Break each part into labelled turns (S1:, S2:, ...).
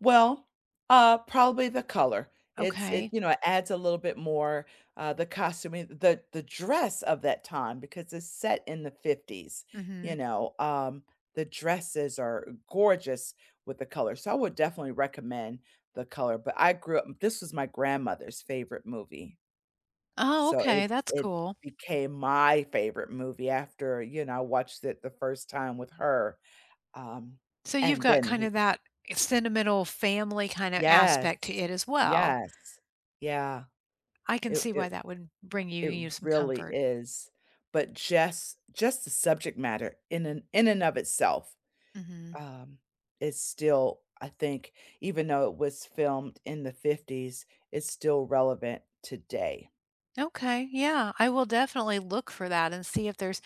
S1: Well, uh, probably the color. It's It
S2: Okay.
S1: You know, it adds a little bit more uh, the costuming the the dress of that time because it's set in the ‘50s, you
S2: Mhm.
S1: know? Um, the dresses are gorgeous with the color. So, I would definitely recommend the color, but I grew up This was my grandmother's favorite movie.
S2: Oh,
S1: So,
S2: okay,
S1: it
S2: that's
S1: it
S2: cool.
S1: became my favorite movie after, you know, I watched it the first time with her. Um,
S2: So you've
S1: and
S2: got
S1: then, w
S2: kinda that sentimental family kinda
S1: Yes,
S2: aspect to it as well.
S1: yes, yeah.
S2: I can
S1: It
S2: see why
S1: it
S2: that would bring you
S1: It
S2: you some
S1: really
S2: comfort.
S1: is. But just just the subject matter in and in and of itself
S2: Mhm.
S1: um, is still I think, even though it was filmed in the ‘50s, it's still relevant today.
S2: Okay, yeah, I will definitely look for that and see if there's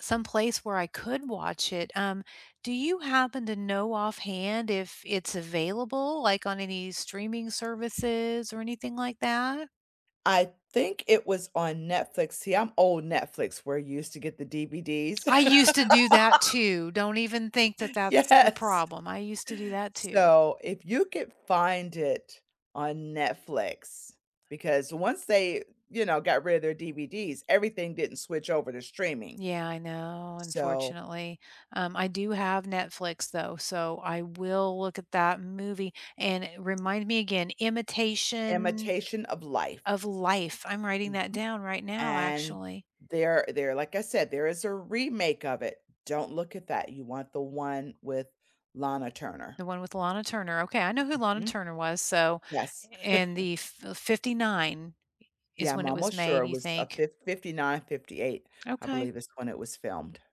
S2: some place where I could watch it. Um, do you happen to know offhand if it's available, like, on any streaming services or anything like that?
S1: I think it was on Netflix. See, I'm old Netflix where you used to get the DVDs.
S2: I used to do that too! Don't even think that that's the
S1: Yes.
S2: problem. I used to do that too.
S1: So, if you could find it on Netflix because once they, you know, got rid of their DVDs, everything didn't switch over to streaming.
S2: Yeah, I know,
S1: So
S2: unfortunately. Um, I do have Netflix, though, so I will look at that movie. And remind me again, Imitation
S1: Imitation of Life.
S2: of Life. I'm writing that
S1: Mhm.
S2: down right now,
S1: And
S2: actually.
S1: there there like I said, there is a remake of it. Don't look at that. You want the one with Lana Turner.
S2: The one with Lana Turner. Okay, I know who Lana
S1: Mhm.
S2: Turner was, so,
S1: Yes.
S2: a and the fi '59 i
S1: Yeah,
S2: is
S1: I'm
S2: when it was
S1: almost sure.
S2: made,
S1: It
S2: you
S1: was a
S2: think?
S1: fif '59, '58, I
S2: Okay.
S1: believe, is when it was filmed.